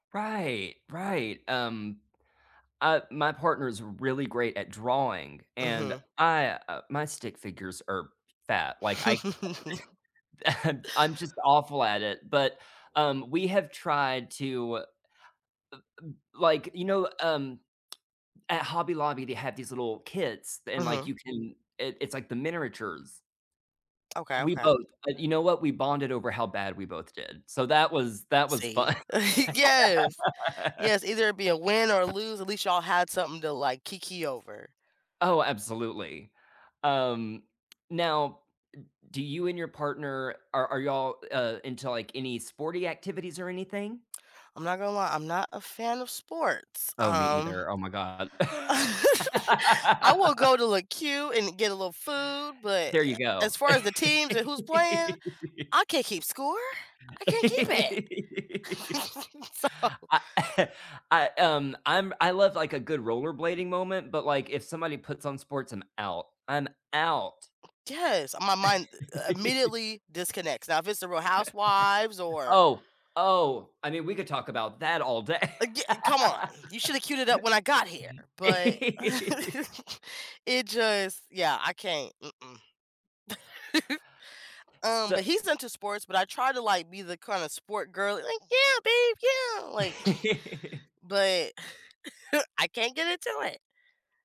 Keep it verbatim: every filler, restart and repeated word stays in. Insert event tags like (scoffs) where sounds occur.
Right, right, um, uh, my partner is really great at drawing, and Uh-huh. I, uh, my stick figures are f fat, like I (chuckles) (unintelligible) (chuckles) I'm just awful at it, but, um, we have tried to, uh, uh, like, you know, um, (tsk) at Hobby Lobby, they have these little kits, and, like, Mhm. you can it it's like the minneratures. Okay, We okay. both, uh, you know what, we bonded over how bad we both did, so, that was that was See, fun. (chuckles) yes, (laughs) yes, either it'd be a win or lose. At least y'all had something to like kiki over. Oh, absolutely. Um, now, m do you and your partner are, are y'all, uh, into, like, any sporty activities or anything? I'm not gonna lie, I'm not a fan of sports, Oh, me um. either, oh my god. (laughs) I will go (laughs) to the queue and get a little food, but There you a go. as far as the teams and who's playing, I can't keep score. I can't keep it. (laughs) (laughs) So. I (chuckles) I, um, I'm I love like a good rollerblading moment, but, like, if somebody puts on sports, I'm out, I'm out. Yes, my mind, u -u uh, (laughs) immediately disconnects now if it's the Real Housewives (laughs) or Oh, oh, I mean, we could talk about that all day. Uh, y come on you should've queued it up when I got here, but (laughs) (laughs) it just, yeah, I can't, mm-mm. (laughs) Um, but S he's into sports, but I try to, like, be the kinda sport girl, like, "yeah, babe, yeah,' like, (laughs) (scoffs) but (chuckles) I can't get into it.